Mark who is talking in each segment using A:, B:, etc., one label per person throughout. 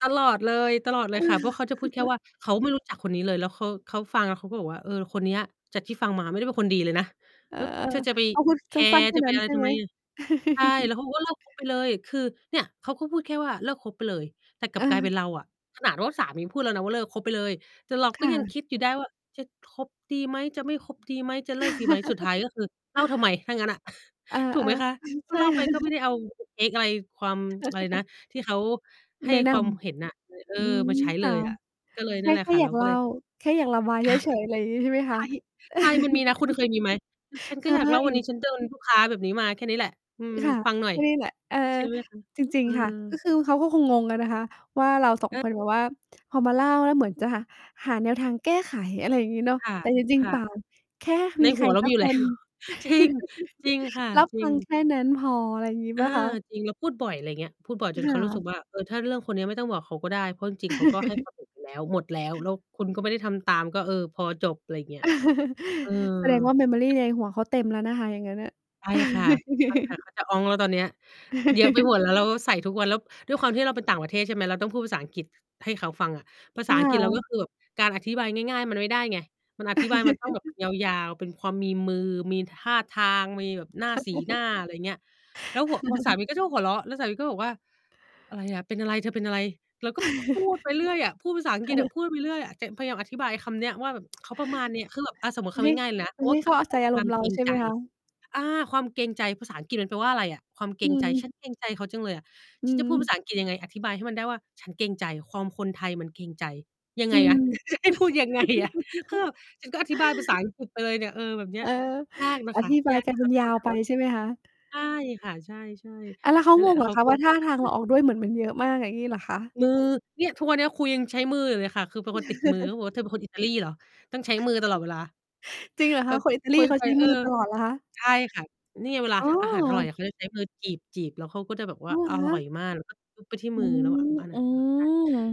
A: ตลอดเลย ตลอดเ
B: เออ
A: ลยค่ะ เพราะเขาจะพูดแค่ว่า เขาไม่รู้จักคนนี้เลย แล้วเขา เขาฟังแล้วเขาก็บอกว่า "เออ คนเนี้ย จากที่ฟังมาไม่ได้เป็นคนดีเลยนะ
B: เอ
A: แ
B: อ
A: ล้วเธอจะไป
B: เขาพูด
A: แค
B: ส
A: ร
B: ั้น
A: ์
B: ๆ แค
A: จ
B: ่
A: ะไป
B: นั้น
A: อะไร
B: ใช่
A: ทำ
B: ไห
A: ไ
B: ม?
A: มอะ?" ใช่ แล้วเขาบอกว่า "เลิก คบ ไปเลย" คือ เนี่ยเขาก็พูดแค่ว่า "เลิกคบไปเลย" แต่กลับกลายเป็น
B: เออ
A: เราอะ ขนาดว่าสามีพูดแล้วนะว่า "เลิกคบไปเลย" แต่เรา
B: ค
A: ก็
B: ่
A: ยังค
B: ะ
A: ิดอยู่ได้ว่า "จะคบดีไหม จะไม่คบดีไหม จะเลิกดีไหม" สุดท้ายก็คือเล่าทำไมถ้างั้นอะ
B: อา
A: ถู
B: ๆ
A: กไหมคะ? ก็
B: ใช่
A: เล่า
B: แล
A: ไป
B: ้
A: ก็ไม่
B: ว
A: ได้เอา เทก อะไร ความ ไรนะ ที่เขาให้
B: แนะน
A: ความเห็นน่ะ เลย เอ
B: ำ
A: อ
B: อืม
A: มาใช้
B: ค
A: เล
B: ่ะ
A: ยอะ ก็เลย
B: แค
A: นั
B: ่
A: ่นแหล
B: แ
A: ะ
B: ค่
A: ค่ะ
B: อย
A: เร
B: า
A: า
B: กเ
A: ก็
B: ล่
A: เล
B: า
A: ย
B: แค่อยากระบาย
A: ใ
B: เ
A: ช
B: ฉ
A: ่
B: ย ๆ ไรอย่างงี้ ใช่ไหม
A: ใ
B: ค
A: ช
B: ะ?
A: ่ ใช่ มันมีนะ คุณเคยมีไหม? คือ "ฉัน
B: เ
A: ก
B: ค
A: ็อยากเล่า วันนี้
B: ย
A: ฉันโดนลูกค้าแบบนี้มา แค่นี้แหละ อื
B: อ
A: ม
B: ค่ะ
A: ฟังหน่อย"
B: ก็นี่แหละ เออ
A: ใช่ไหมคะ?
B: จริ
A: เอ
B: ง ๆ ค่ะ ก็
A: อ
B: คือเขาก็คงงงกันนะคะว่า เรา 2 ค
A: เออ
B: นแบบว่า พอมาเล่า แล้วเหมือนจะหาแนวทางแก้ไข อะไรอย่างงี้เนาะ
A: ค่ะ
B: แต่จริง
A: ค
B: ๆ
A: ่
B: เป
A: ะ
B: ล่า แค่
A: ใ
B: ม
A: น
B: ีใ
A: ห
B: ค
A: ั
B: ร
A: วเรา
B: สั
A: มี
B: ก
A: อยู
B: ค
A: ่ แล้
B: น
A: ว จริง จริงค่ะ
B: รับ
A: จร
B: ฟ
A: ิ
B: ั
A: ง
B: งแค่นั้นพอ อะไรอย่างงี้
A: เ
B: เ
A: อ
B: ป
A: อ
B: ล่าคะ?
A: จริง เราพูดบ่อย ไรเงี้ย พูดบ่อยจ
B: ค
A: นเข
B: ่
A: ารู้สึก
B: ะ
A: ว่า เออ ถ้าเรื่องคนเนี้ยไม่ต้องบอกเขาก็ได้ เพราะจริง ๆ เขาก็ให้ ความเห็น ไปแล้ว หมดแล้ว แล้วคุณก็ไม่ได้ทำตาม ก็ เออ พอ จบ ไรอย่างเงี้ย เออ
B: แสดงว่า memory
A: แต่
B: ในหัวเขาเต็มแล้วนะคะ อย่างงั้นน่ะ
A: ไปค่ะ ไปค่ะ เขาจะอ๊องแล้วตอนเนี้ย เยอะไปหมด แล้วเราก็ใส่ทุกวัน แล้วด้วยความที่เราไปต่างประเทศ ใช่ไหม เราต้องพูดภาษาอังกฤษให้เขาฟังอะ ภาษ
B: อ
A: าอังกฤษเรา ก็
B: า
A: คือแบบ การอธิบายง่าย ๆ มันไม่ได้ไง มันอธิบายมันต้องแบบยาว ๆ เป็นความมีมือ มีท่าทาง มีแบบหน้า สีหน้า อะไรเงี้ย แล้วหั่ว พอสามีก็จะหัวเราะ แล้วสามีก็บอกว่า "อะไรอะ เป็นอะไร เธอเป็นอะไร?" เราก็พูดไปเรื่อยอะ พูดภาษาอังกฤษอะ
B: เออ
A: พูดไปเรื่อยอะ จะพยายามอธิบายไอ้คำเนี้ยว่าแบบ เขาประมาณเนี้ย คือแบบ อา สมมุติค
B: ไม
A: ำ
B: ่
A: ง่าย ๆ เลยนะ ค
B: มัน
A: ำว
B: ไ
A: ่
B: ม
A: า
B: ่เข้า
A: ค
B: ใจ
A: ว
B: อา
A: ค
B: ร
A: วา
B: ม
A: ม
B: ณ์ เร
A: เก
B: า
A: รง
B: ใช่
A: ใ
B: ไ
A: จ
B: หมคะ?
A: อา! ความเกรงใจ ภาษาอังกฤษมันแปลว่าอะไรอะ? ความเก
B: อ
A: ร
B: ื
A: งใจ "ฉ
B: ม
A: ันเกรงใจเขาจังเลยอะ"
B: อื
A: ฉันจะพูดภ
B: ม
A: าษาอังกฤษยังไง? อธิบายให้มันได้ว่า ฉันเกรงใจ ความคนไทยมันเกรงใจ ยัง
B: อ
A: ไ
B: ื
A: งอะ?
B: ม
A: ให้พูดยังไงอะ คือแบบ ฉันก็อธิบายภาษา อังกฤษ ไปเลยเนี่ย เออ แบบเนี้
B: เอ
A: ย
B: อ
A: ยากน่ะ
B: อ
A: ค่ะ
B: ธิบ
A: ย
B: าย
A: าก
B: กล
A: ที
B: าย
A: ่
B: เป
A: เข
B: ็
A: า
B: น
A: จะ
B: ย
A: เข
B: า
A: ้าใ
B: ว
A: จค
B: ไป
A: ำว่าเ
B: ใ
A: กร
B: ช่
A: ง
B: ไหม
A: ใจ
B: คะ?
A: ใช่ค่ะ ใช่
B: อา แล้วเข
A: ๆ
B: า
A: นั่นแ
B: ง
A: หละ
B: ง
A: แล้
B: เ
A: ว
B: หร
A: เข
B: อ
A: า
B: คะ
A: ก็เ
B: ว
A: ล
B: ่า
A: ย
B: ท
A: รู
B: ่า
A: ้จั
B: ท
A: ก
B: า
A: ก
B: ง
A: ัน
B: เ
A: เ
B: ร
A: ล
B: า
A: ย
B: ออกด้วยเหมือนมันเยอะมาก อย่างงี้เหรอคะ?
A: มือ เนี่ย ทุกวันเนี้ย คุยยังใช้มืออยู่เลยค่ะ คือเป็นคนติดมือ เขาบอกว่า "เธอเป็นคนอิตาลีเหรอ? ต้องใช้มือตลอดเวลา"
B: จริงเหรอ
A: เ
B: ค
A: อ่อ
B: ะ คนอิตา
A: ค
B: ล
A: ุ
B: ี
A: ย
B: เขา
A: ไป
B: ใช้
A: เอ
B: ม
A: อ
B: ือตลอดเหรอคะ?
A: ใช่ค่ะ นี่เวลา
B: อ๋
A: ท อาหารอร่อย
B: อ!
A: อะ เขาจะใช้มือจีบ ๆ แล้วเขาก็จะแบบว
B: อ
A: ่า
B: ๋อ
A: อ
B: เหรอค
A: ร่อย
B: ะ!
A: มาก แล้วก็จุ๊บ ไปที่
B: อื
A: มือเรา
B: ม
A: อะ บ้าน
B: อื
A: ่ะ [unintelligible] "เ
B: ม
A: ธอเป็นคน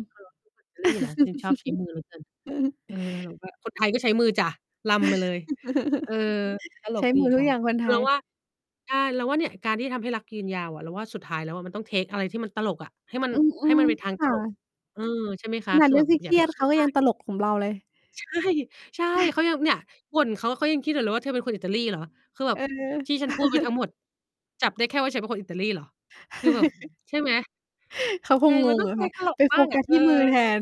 B: อ
A: อิตาลีเหรอ? ถึงชอบใช้มือเหลือเกิน"
B: ืม
A: เออ เราก็ "คนไทยก็ใช้มือจ้ะ รำมาเลย" เออ ตล
B: ใช
A: ก
B: ้
A: ดี
B: มือทุ
A: ค่
B: ก
A: ะ
B: อย่างคน
A: ค
B: ไท
A: ือเรา
B: ย
A: ว่า อา เราว่าเนี่ย การที่ทำให้รักยืนยาวอะ เราว่าสุดท้ายแล้วอะ มันต้อง เทก อะไรที่มันตลกอะ ให้มัน
B: อื
A: ให้ม
B: อ
A: ันเป็นทาง
B: ๆ ค
A: ต
B: ่
A: ลก
B: ะ
A: เออ ใช่ไหมค
B: ข
A: ะ
B: นา
A: ค
B: ด
A: ื
B: เ
A: อ
B: รื
A: แ
B: ่
A: บ
B: อง
A: บ
B: เ
A: อ
B: ค
A: ย่า
B: รี
A: ไป
B: ยด
A: เค
B: ๆ
A: ร
B: เข
A: ีย
B: า
A: ด
B: ก็
A: ม
B: ยั
A: า
B: ง
A: ก
B: ตลก กับเราเลย
A: ใช่ ใช่ เขายัง เนี่ย บ่นเขา เขายังคิดอยู่เลยว่า "เธอเป็นคนอิตาลีเหรอ?" คือแบ
B: เ
A: บ
B: อ
A: ที่ฉันพูด
B: อ
A: ไปทั้งหมด จับได้แค่ว่าฉันเป็นคนอิตาลีเหรอ? คือแบบ ใช่ไหม
B: เขาค
A: ใช่
B: งง
A: มันต
B: ง
A: ้อง
B: อะ
A: ไป
B: ค่ะ
A: ตลก
B: ไป
A: บ
B: โ
A: ้
B: ฟ
A: างอ
B: กั
A: ะ
B: ส
A: เอ
B: ท
A: อ
B: ี่มือแทน